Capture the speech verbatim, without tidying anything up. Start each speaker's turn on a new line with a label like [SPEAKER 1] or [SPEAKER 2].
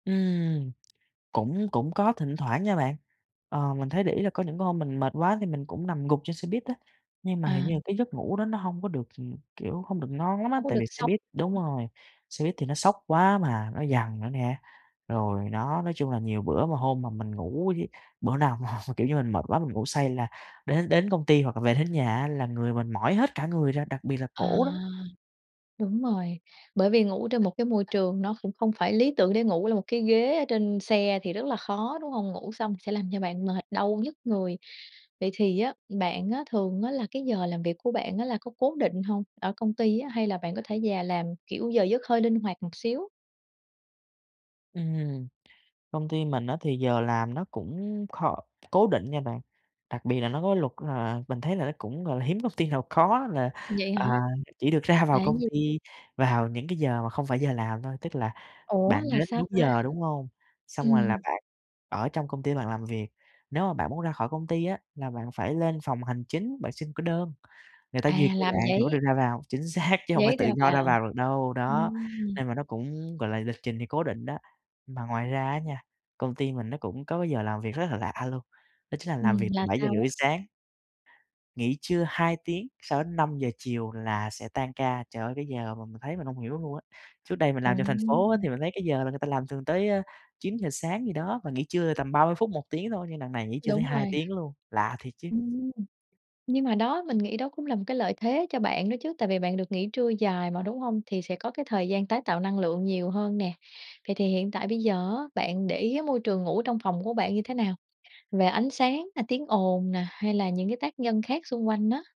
[SPEAKER 1] Ừm, cũng cũng có thỉnh thoảng nha bạn, ờ, mình thấy để ý là có những cái hôm mình mệt quá thì mình cũng nằm gục trên xe buýt á, nhưng mà hình
[SPEAKER 2] À!
[SPEAKER 1] như là cái giấc ngủ đó nó hông có được, kiểu, hông được ngon lắm á,
[SPEAKER 2] Hông có
[SPEAKER 1] tại
[SPEAKER 2] được
[SPEAKER 1] vì xe
[SPEAKER 2] sâu,
[SPEAKER 1] buýt
[SPEAKER 2] đúng
[SPEAKER 1] đúng
[SPEAKER 2] hông?
[SPEAKER 1] rồi, xe buýt thì nó xóc quá mà, nó giằng nữa nè. Rồi nó nói chung là nhiều bữa mà hôm mà mình ngủ với bữa nào mà, kiểu như, mình mệt quá, mình ngủ say là đến đến công ty hoặc là về đến nhà á là người mình mỏi hết cả người ra, đặc biệt là
[SPEAKER 2] À,
[SPEAKER 1] cổ đó.
[SPEAKER 2] đúng rồi, bởi vì ngủ trên một cái môi trường nó cũng không phải lý tưởng để ngủ là một cái ghế ở trên xe thì rất là khó, đúng hông? Ngủ xong sẽ làm cho bạn mệt, đau nhức người. Vậy thì á, bạn á thường á là cái giờ làm việc của bạn á là có cố định hông, ở công ty á, hay là bạn có thể về làm, kiểu, giờ giấc hơi linh hoạt một xíu?
[SPEAKER 1] Ừm, công ty mình á thì giờ làm nó cũng kh cố định nha bạn. Đặc biệt là nó có luật là mình thấy là nó cũng gọi là hiếm công ty nào có là,
[SPEAKER 2] Vậy hả?
[SPEAKER 1] à, chỉ được ra vào
[SPEAKER 2] Là cái
[SPEAKER 1] công
[SPEAKER 2] gì?
[SPEAKER 1] ty vào những cái giờ mà không phải giờ làm thôi, tức là
[SPEAKER 2] Ủa
[SPEAKER 1] bạn
[SPEAKER 2] là
[SPEAKER 1] đến
[SPEAKER 2] sao
[SPEAKER 1] đúng
[SPEAKER 2] ta?
[SPEAKER 1] giờ, đúng hông? Xong rồi là
[SPEAKER 2] Ừm.
[SPEAKER 1] bạn ở trong công ty bạn làm việc. Nếu mà bạn muốn ra khỏi công ty á là bạn phải lên phòng hành chính, bạn xin cái đơn, người ta
[SPEAKER 2] À,
[SPEAKER 1] duyệt cho
[SPEAKER 2] làm
[SPEAKER 1] bạn thì mới được
[SPEAKER 2] giấy.
[SPEAKER 1] ra vào, chính xác, chứ hông phải
[SPEAKER 2] Giấy ra
[SPEAKER 1] tự do ra
[SPEAKER 2] vào.
[SPEAKER 1] vào được đâu, đó,
[SPEAKER 2] Ừm.
[SPEAKER 1] nên là nó cũng, gọi là, lịch trình thì cố định đó. Mà ngoài ra á nha, công ty mình nó cũng có cái giờ làm việc rất là lạ luôn, đó chính là làm
[SPEAKER 2] Ừm,
[SPEAKER 1] việc từ
[SPEAKER 2] là
[SPEAKER 1] bảy giờ
[SPEAKER 2] sao
[SPEAKER 1] rưỡi
[SPEAKER 2] á?
[SPEAKER 1] sáng. Nghỉ trưa hai tiếng sau đến năm giờ chiều là sẽ tan ca, trời ơi cái giờ mà mình thấy mình hông hiểu luôn á. Trước đây mình làm trong thành phố á thì
[SPEAKER 2] Ồ!
[SPEAKER 1] mình thấy cái giờ người ta làm thường tới chín giờ sáng gì đó, mà nghỉ trưa tầm ba mươi phút, một tiếng thôi, nhưng đằng này nghỉ trưa tới
[SPEAKER 2] Đúng
[SPEAKER 1] hai
[SPEAKER 2] rồi.
[SPEAKER 1] tiếng luôn, lạ thiệt chứ!
[SPEAKER 2] Ừm. Nhưng mà đó mình nghĩ đó cũng là một cái lợi thế cho bạn đó chứ, tại vì bạn được nghỉ trưa dài mà, đúng hông? Thì sẽ có cái thời gian tái tạo năng lượng nhiều hơn nè. Vậy thì hiện tại bây giờ á bạn để ý môi trường ngủ trong phòng của bạn như thế nào? Về ánh sáng nè, tiếng ồn nè hay là những cái tác nhân khác xung quanh á.